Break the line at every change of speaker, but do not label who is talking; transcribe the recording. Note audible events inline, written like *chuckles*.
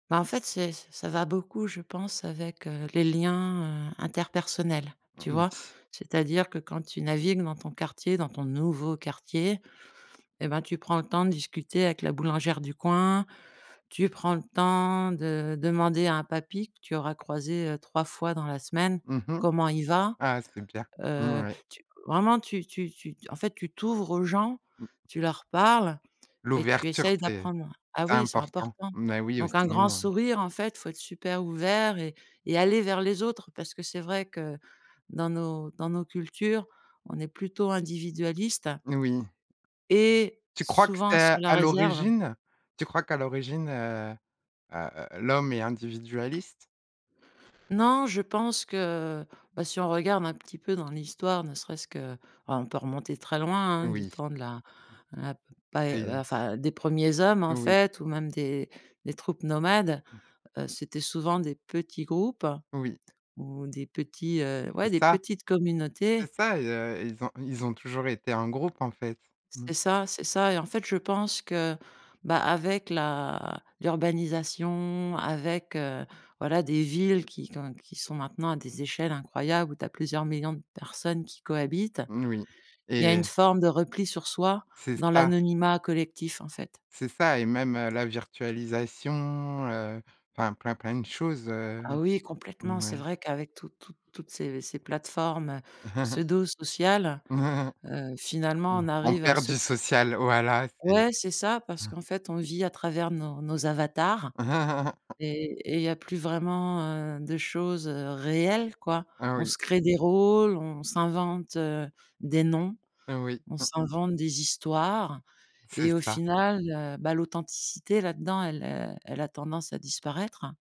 Bah, en fait, c'est ça va beaucoup, je pense, avec, heu, les liens, heu, interpersonnels, tu vois?
Oui.
C'est-à-dire que quand tu navigues dans ton quartier, dans ton nouveau quartier et bah, tu prends le temps de discuter avec la boulangère du coin, tu prends le temps de demander à un papy que tu auras croisé, heu, 3 fois dans la semaine,
Mmh mh.
comment il va.
Ah, c'est bien. Mmh,
Heu,
ouais.
tu, vraiment, tu tu tu, en fait, tu t'ouvres aux gens, tu leur parles et tu
L'ouverture
essaies
c'est
d'apprendre ah
c'est
oui, c'est
important,
important.
mais oui ou
Donc un grand
sinon heu
sourire, en fait, il faut être super ouvert et et aller vers les autres. Parce que c'est vrai que dans nos dans nos cultures, on est plutôt individualiste
Oui.
et
Tu crois que
souvent sur
c'est
la
à
réserve.
l'origine, tu crois qu'à l'origine, heu heu heu, l'homme est individualiste?
Non, je pense que, bah, si on regarde un petit peu dans l'histoire, ne serait-ce que, oh, on peut remonter très loin, hein. Du
Oui.
temps de la la pa
*unintelligible*
enfin des 1ers hommes, en
Oui.
fait, ou même des des troupes nomades,
Mmh.
heu, c'était souvent des petits groupes
Oui.
ou des petits, heu, ouais
C'est
des
ça.
petites communautés.
C'est ça et heu, ils ont ils ont toujours été en groupe en fait. Mmh.
C'est ça, c'est ça. Et en fait, je pense que, bah, avec la l'urbanisation, avec, heu, voilà des villes qui qui ont qui sont maintenant à des échelles incroyables où tu as plusieurs millions de personnes qui cohabitent.
N oui.
Il y a une
Et
forme de repli sur soi
C'est
dans
ça.
l'anonymat collectif, en fait.
C'est ça et même, heu, la virtualisation, heu, enfin plein, plein de choses,
Ah
heu,
oui, complètement, c'est
ouais.
vrai qu'avec toutes toutes toutes ces ces plateformes, heu,
*chuckles*
pseudo sociales,
*chuckles*
heu, finalement on
Mmh. On
arrive à
perd
se
du
cré
social, voilà c'est
Ouais, c'est ça, parce
ah.
qu'en fait on vit à travers nos nos avatars
*chuckles*
et et il y a plus vraiment, heu, de choses, heu, réelles, quoi.
Ah,
On
oui.
se crée des rôles. On s'invente, heu, des noms.
Oui,
On
hein
s'invente des histoires
C'est
et au
ça.
final, heu, bah, l'authenticité là-dedans elle elle a tendance à disparaître.